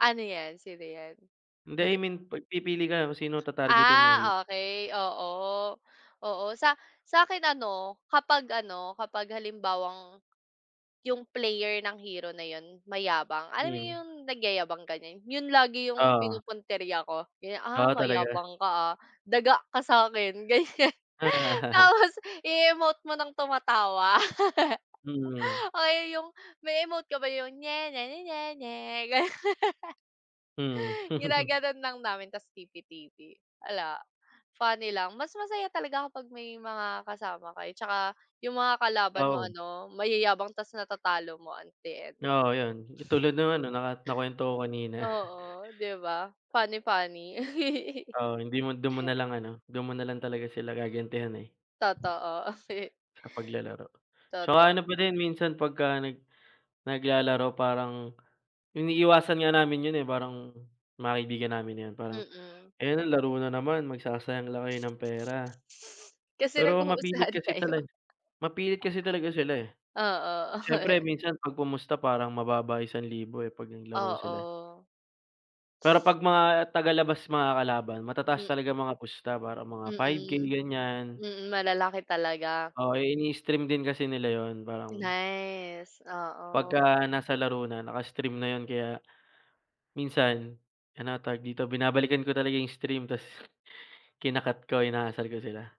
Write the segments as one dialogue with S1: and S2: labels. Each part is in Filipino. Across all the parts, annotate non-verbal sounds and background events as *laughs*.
S1: Ano 'yan? Sino 'yan?
S2: Hindi, I
S1: *laughs*
S2: mean 'pag pipili ka na kung sino tatargetin mong i-heal?
S1: Ah, okey, oo. Oo, sa sa akin ano, kapag ano, kapag halimbawang, 'yung player ng hero na yun mayabang, alam mo
S2: Ngayon?
S1: 'yung nagyayabang, ganyan, yun lagi 'yung
S2: Oo.
S1: pinupuntirya ko, ganyan. "Ah,
S2: O, talaga?
S1: mayabang ka ha, daga ka sa akin," ganyan.
S2: *laughs*
S1: Tapos, i-emote mo ng tumatawa.
S2: Mm.
S1: *laughs* Oo 'yung may-emote ka ba 'yung nye-nye-nye-nye-nye, gano'n. *laughs*
S2: Mm. *chuckles*
S1: Ginagano'n lang namin tas TP-TP. 'Ala, funny lang. Mas masaya talaga kapag may mga kasama kayo 'tsaka 'yung mga kalaban mo
S2: Oo.
S1: ano mayayabang tas natatalo mo at the end.
S2: Oo, yun. Katulad no'ng ano, naka nakuwento ko kanina.
S1: Oo, 'di ba? Funny-funny. *laughs*
S2: Oo, hindi mo do'n mo na lang ano, do'n mo na lang talaga sila gagantihan eh
S1: Totoo. *laughs*
S2: sa paglalaro. 'Tsaka
S1: Toto
S2: ano pa din minsan pagka nag naglalaro parang, iniiwasan nga namin yun eh, parang mga kaibigan namin yun. Parang,
S1: Mm.
S2: "Ayun, laro na naman. Magsasayang lang kayo ng pera."
S1: Kasi
S2: Pero mapilit
S1: nagpupustahan
S2: kasi
S1: kayo.
S2: talag mapilit kasi talaga sila eh.
S1: Oo.
S2: Siyempre
S1: *laughs*
S2: minsan 'pag pumusta parang mababa 1000 eh 'pag naglaro sila.
S1: Oo.
S2: Pero 'pag mga tagalabas makakalaban, matataas
S1: Mm.
S2: talaga mga pusta. Parang mga 5K,
S1: Mm.
S2: ganyan.
S1: Mm, malalaki talaga.
S2: Oo, inii-stream din kasi nila yun. Parang
S1: Nice, oo.
S2: Pagka nasa laro na, naka-stream na yun. Kaya minsan, ano nga tawag dito, binabalikan ko talaga 'yung stream, tas kina-cut ko, inaasar ko sila.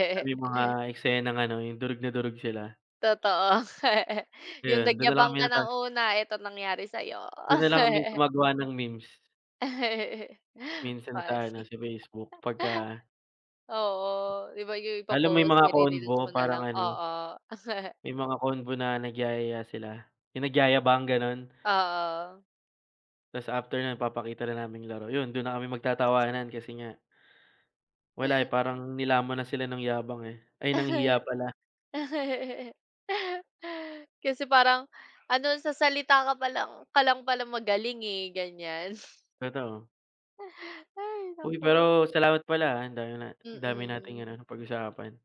S2: Pagka may mga eksenang ano, 'yung durog na durog sila.
S1: Totoo. *chuckles* 'Yung
S2: Ayun, do'n na lang
S1: nagyabang
S2: kami
S1: ka
S2: natal
S1: nang una, ito nangyari sa'yo.
S2: Do'n na lang kami
S1: *chuckles*
S2: gumagawa ng memes.
S1: *chuckles*
S2: Minsan sa ano,
S1: Faci
S2: sa Facebook, pagka
S1: Oo. 'Di ba 'yung
S2: Lalo may
S1: ipo-post,
S2: mga
S1: ire-reels mo
S2: convo,
S1: na lang
S2: parang ano,
S1: oo. *chuckles*
S2: may mga convo na nagyayaya sila, 'yung nagyayabang, gano'n.
S1: Oo.
S2: Tas after no'n papakita na namin 'yung laro. Yun, do'n na kami magtatawanan kasi nga wala eh, parang nilamon na sila ng yabang eh ay, ng hiya
S1: *laughs*
S2: pala.
S1: Kasi parang, ano sa salita ka pa lang ka lang pala magaling eh, ganyan.
S2: Totoo.
S1: Hay,
S2: Uy,
S1: naku.
S2: pero salamat pala ha. Dami na dami nating
S1: Mm.
S2: ano, napag-usapan.